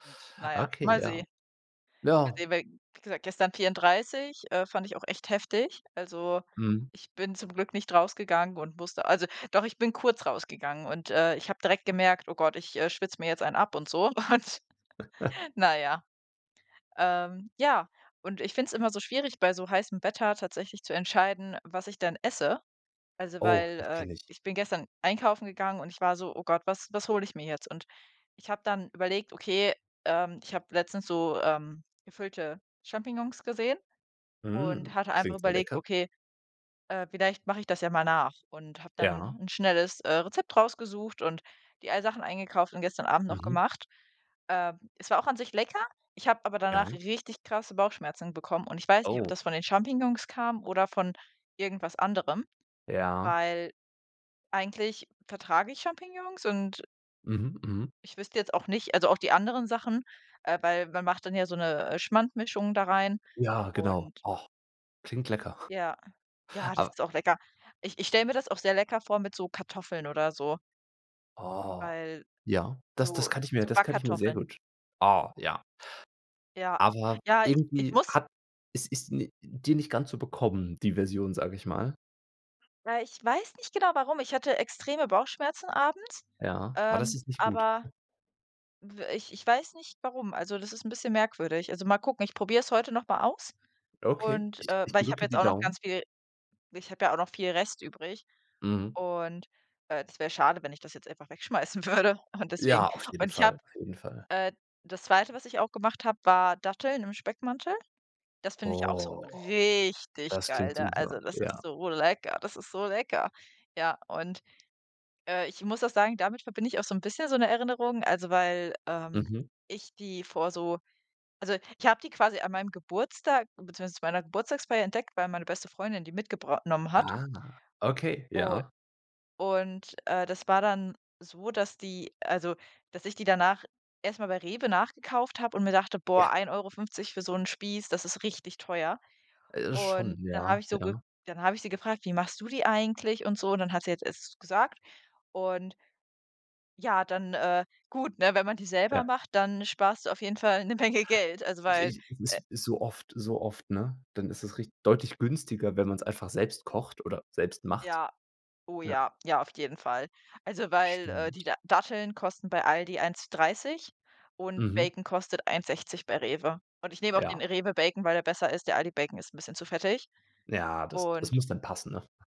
Gut, na ja, Okay, mal ja. sehen mal Ja. sehen, weil, wie gesagt, gestern 34, äh, fand ich auch echt heftig. Also, Mhm. ich bin zum Glück nicht rausgegangen und musste also, doch, ich bin kurz rausgegangen und, äh, ich habe direkt gemerkt: „Oh Gott, ich, äh, schwitze mir jetzt einen ab und so” und, na ja. Ähm, ja, und ich finde es immer so schwierig, bei so heißem Wetter tatsächlich zu entscheiden, was ich denn esse. Also, Oh, weil, das äh, kenne ich. ich bin gestern einkaufen gegangen und ich war so: „Oh Gott, was was hole ich mir jetzt?“ Und ich habe dann überlegt: „Okay, ähm, ich habe letztens so, ähm, gefüllte Champignons gesehen” Mm, und hatte einfach klingt so überlegt: lecker. „Okay, äh, vielleicht mache ich das ja mal nach“ und habe dann Ja. 'n schnelles, äh, Rezept rausgesucht und die ei Sachen eingekauft und gestern Abend noch Mhm. gemacht. Äh, es war auch an sich lecker, ich habe aber danach Ja. richtig krasse Bauchschmerzen bekommen und ich weiß nicht, ob Oh. das von den Champignons kam oder von irgendwas anderem, Ja. weil eigentlich vertrage ich Champignons. Und Mhm, mhm. ich wüsste jetzt auch nicht also, auch die anderen Sachen, äh, weil man macht dann ja so 'ne, äh, Schmandmischung da rein Ja, genau, und och. Klingt lecker. Ja. Ja, das Ab ist auch lecker. Ich ich stelle mir das auch sehr lecker vor mit so Kartoffeln oder so. Oh. Weil Ja, das das so kann ich mir so das kann ich mir sehr Backkartoffeln. gut oh, ja. Ja. Aber Ja, ich ich irgendwie muss hat es ist ni dir nicht ganz so bekommen, die Version, sage ich mal. Na, ich weiß nicht genau warum. Ich hatte extreme Bauchschmerzen abends, Ja, aber das ähm, ist nicht gut. aber w ich ich weiß nicht, warum. Also, das ist 'n bisschen merkwürdig. Also, mal gucken, ich probiere es heute noch mal aus Okay, und ich äh, ich weil ich habe drücke jetzt die auch noch Daumen. ganz viel ich habe ja auch noch viel Rest übrig Mhm. und, äh, das wäre schade, wenn ich das jetzt einfach wegschmeißen würde und deswegen. Ja, auf jeden Und ich habe Fall, auf jeden Fall. äh, das 2., was ich auch gemacht habe, war Datteln im Speckmantel. Das finde ich auch so Oh, richtig das geil klingt da super, also, das ist ja. so lecker das ist so lecker. Ja, und, äh, ich muss auch sagen, damit verbinde ich auch so 'n bisschen so 'ne Erinnerung, also, weil, ähm, Mhm. ich die vor so also, ich habe die quasi an meinem Geburtstag beziehungsweise zu meiner Geburtstagsfeier entdeckt, weil meine beste Freundin die mitgebr nommen hat Aha, okay, u ja. und, äh, das war dann so, dass die also, dass ich die danach erstmal bei Rewe nachgekauft habe und mir dachte: „Boah, Ja. 1,50 € für so 'n Spieß, das ist richtig teuer.” Äh, schon, Und dann habe ja, ich so ge ja. dann habe ich sie gefragt: „Wie machst du die eigentlich und so?“ Und dann hat sie es jetzt gesagt. Und ja, dann äh, gut, ne, wenn man die selber Ja. macht, dann sparst du auf jeden Fall 'ne Menge Geld. Also, Ich weil, ich es äh ist ist so oft so oft, ne? Dann ist es rich deutlich günstiger, wenn man's einfach selbst kocht oder selbst macht. Ja. Oh, Ja. ja, ja, auf jeden Fall. Also, Das weil, äh, stimmt. die Da Datteln kosten bei ALDI 1,30 € und Mhm. Bacon kostet 1,60 € bei REWE. Und ich nehme auch Ja. den REWE-Bacon, weil der besser ist. Der ALDI-Bacon ist 'n bisschen zu fettig. Ja, das das Und muss dann passen, ne?